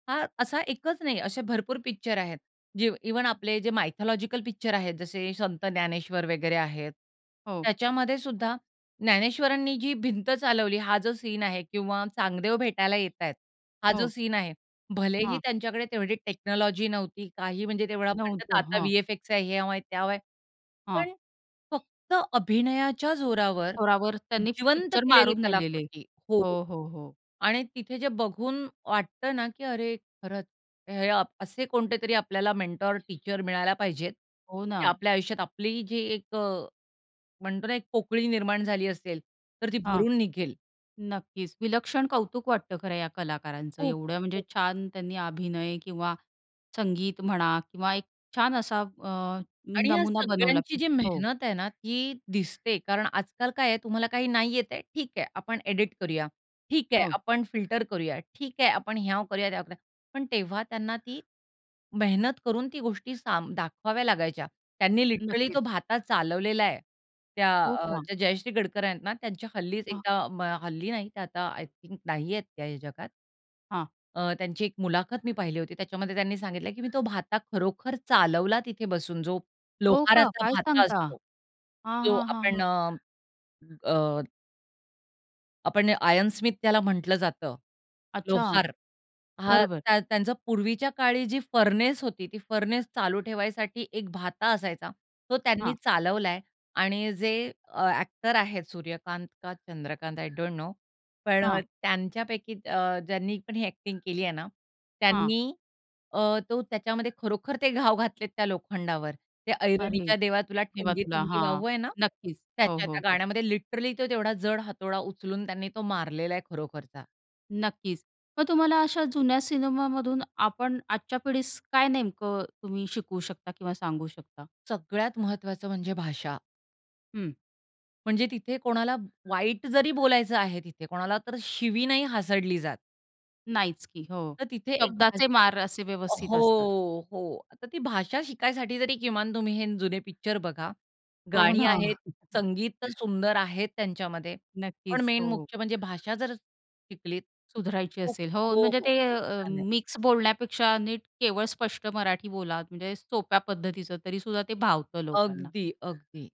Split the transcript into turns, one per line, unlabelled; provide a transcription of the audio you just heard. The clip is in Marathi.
हा असा एकच नाही, असे भरपूर पिक्चर आहेत. जे इव्हन आपले जे मायथॉलॉजिकल पिक्चर आहेत, जसे संत ज्ञानेश्वर वगैरे आहेत.
हो.
त्याच्यामध्येसुद्धा ज्ञानेश्वरांनी जी भिंत चालवली, हा जो सीन आहे किंवा चांगदेव भेटायला येत आहेत, हा जो
हो.
सीन आहे, भलेही
हां.
त्यांच्याकडे तेवढी टेक्नॉलॉजी नव्हती. काही म्हणजे तेवढा म्हणतात
नव्हतं.
आता
हां.
व्ही-एफ-एक्चा हयावं आहे, त्यावं आहे,
हां.
पण फक्त अभिनयाच्या जोरावर
थोरावर त्यांनी
जिवंत
पिक्चर
केलेली
मारून नेलेले.
कलाकृती हो
हो, हो, हो.
आणि तिथे जे बघून वाटतं ना, की अरे खरंच, हे अ, असे कोणते तरी आपल्याला मेंटॉर, टीचर मिळायला पाहिजेत,
हो
ते
ना.
आपल्या आयुष्यात आपली जी एक अ, म्हणतो ना एक पोकळी निर्माण झाली असेल, तर ती
हां.
भरून निघेल.
नक्कीच विलक्षण कौतुक वाटतं, खरं या कलाकारांचं
खूप
एवढं म्हणजे
[unintelligible]
छान त्यांनी अभिनय किंवा संगीत म्हणा किंवा एक छान असा अ,
आणि ह्या
नमुना बनवला
सगळ्यांची
की
जी
हो.
मेहनत आहे ना, ती दिसते. कारण आजकाल काय आहे तुम्हाला काही नाही येतंय, ठीक आहे. आपण एडिट करूया, ठीक आहे
हो.
आपण फिल्टर करूया, ठीक आहे आपण ह्याव करूया, त्याव करूया. पण तेव्हा त्यांना ती मेहनत करून ती गोष्टी सांभा दाखवाव्या लागायच्या. त्यांनी लिटरली
नक्कीच.
तो भाता चालवलेला आहे. त्या
हो
अ,
का?
त्या जयश्री गडकर आहेत ना, त्यांच्या हल्लीच एकदा अ, हल्ली नाही. ते आता आय थिंक नाही आहेत त्या या जगात.
हां.
अ, त्यांची एक मुलाखत मी पहिली होती. त्याच्यामध्ये त्यांनी सांगितलं की "मी तो भाता खरोखर चालवला तिथे बसून, जो
हो का?
लोहाराचा
काय
भाता
सांगता?
असतो."
हां,
तो
हां, हां,
आपण
हां.
अ, अ आपण आयरन स्मिथ त्याला म्हटलं जातं.
अच्छा,
लोहार हां,
बरोबर.
त्या त्यांचा पूर्वीच्या काळी जी फर्नेस होती, ती फर्नेस चालू ठेवायसाठी एक भाता असायचा, तो त्यांनी
हां.
चालवलाय आणि जे अ, अ‍ॅक्टर आहेत सूर्यकांत का चंद्रकांत आय डोंट नो, पण अ,
हां.
त्यांच्यापैकी अ, ज्यांनी पण ही अ‍ॅक्टिंग केली आहे ना,
हां.
त्यांनी अ, तो त्याच्यामध्ये खरोखर ते घाव घातलेत त्या लोखंडावर. ते
अरे!
ऐरणीच्या देवा तुला,
ठेवा तुला,
ठीणगी-ठीणगी
हां,
वाहू आहे ना?
नक्कीच. हो,
त्याच्या
हो,
त्या
हो.
गाण्यामध्ये लिटरली तो तेवढा जड हातोडा उचलून त्यांनी तो मारलेला आहे खरोखरचा.
नक्कीच, मग तुम्हाला अशा जुन्या सिनेमामधून आपण आजच्या पिढीस काय नेमकं तुम्ही शिकवू शकता किंवा सांगू शकता?
सगळ्यात महत्वाचं म्हणजे भाषा.
हं.
म्हणजे तिथे कोणाला वाईट जरी बोलायचं आहे, तिथे कोणाला तर शिवी नाही हासडली जात.
नाहीच की. हो.
तर तिथे एक
शब्दाचे
भाषा
मार असे व्यवस्थित असतात.
हो, हो. तर ती भाषा शिकायसाठी तरी किमान तुम्ही हे जुने पिक्चर बघा.
हो
गाणी
ना.
आहेत, संगीत तर सुंदर आहेत त्यांच्यामध्ये. पण
नक्कीच,
मेन
हो.
मुख्य म्हणजे भाषा जर शिकलीत,
सुधारायची
खूप
असेल. हो,
हो,
म्हणजे
हो.
ते
खूप
अ,
छान आहे.
मिक्स बोलण्यापेक्षा नीट केवळ स्पष्ट मराठी बोला, म्हणजे सोप्या पद्धतीचं तरीसुद्धा ते भावतं लोकांना.
अगदी. अगदी.